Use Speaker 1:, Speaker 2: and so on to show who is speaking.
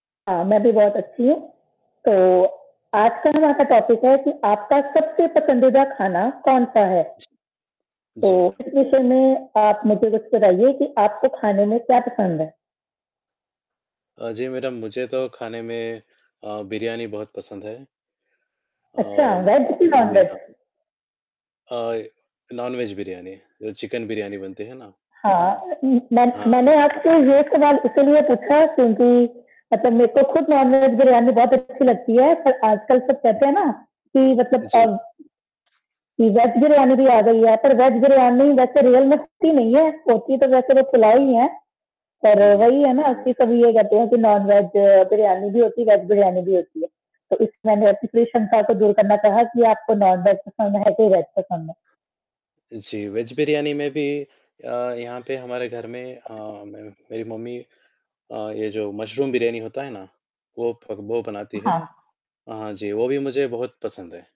Speaker 1: हाँ, मैं भी बहुत अच्छी हूँ। तो आज का यहाँ का टॉपिक है कि आपका सबसे पसंदीदा खाना कौन-सा है?
Speaker 2: जी
Speaker 1: तो
Speaker 2: मैडम।
Speaker 1: इस विषय में आप मुझे कुछ बताइए कि आपको खाने में क्या पसंद है?
Speaker 2: अ, जी मैडम मुझे तो खाने में अ, बिरयानी बहुत पसंद है। अ,
Speaker 1: अच्छा वेज कि
Speaker 2: म
Speaker 1: नॉन
Speaker 2: जी
Speaker 1: वेज?
Speaker 2: हाँ। अ, नॉन वेज बिरयानी जो चिकन बिरयानी बनती है ना।
Speaker 1: हाँ, म मै
Speaker 2: हाँ।
Speaker 1: मैंने आपसे ये सवाल इसीलिए पूछा क्योंकि मतलब मेरे को खुद नॉन वेज बिरयानी बहुत अच्छी लगती है, पर आजकल सब कहते हैं
Speaker 2: जी।
Speaker 1: ना कि
Speaker 2: जी,
Speaker 1: मतलब
Speaker 2: जी।
Speaker 1: अब कि वेज बिरयानी भी आ गई है पर वेज बिरयानी वैसे रियल में होती नहीं है तो होती तो वैसे वो पुलाव ही है। पर
Speaker 2: हुँ, हुँ।
Speaker 1: वही है ना कि कभी ये कहते हैं कि नॉन वेज बिरयानी भी होती है, वेज बिरयानी भी होती है। तो इसकी मैंने ऐसे कोई शंका को दूर करना कहा कि आपको नॉन वेज पसंद है कि वेज पसंद है।
Speaker 2: जी, वेज बिरयानी में भी अ, यहाँ पे हमारे घर में अ, मैम, मेरी मम्मी अ, ये जो मशरूम बिरयानी होता है ना वो वो बनाती है।
Speaker 1: हाँ।
Speaker 2: हाँ जी वो भी मुझे बहुत पसंद है।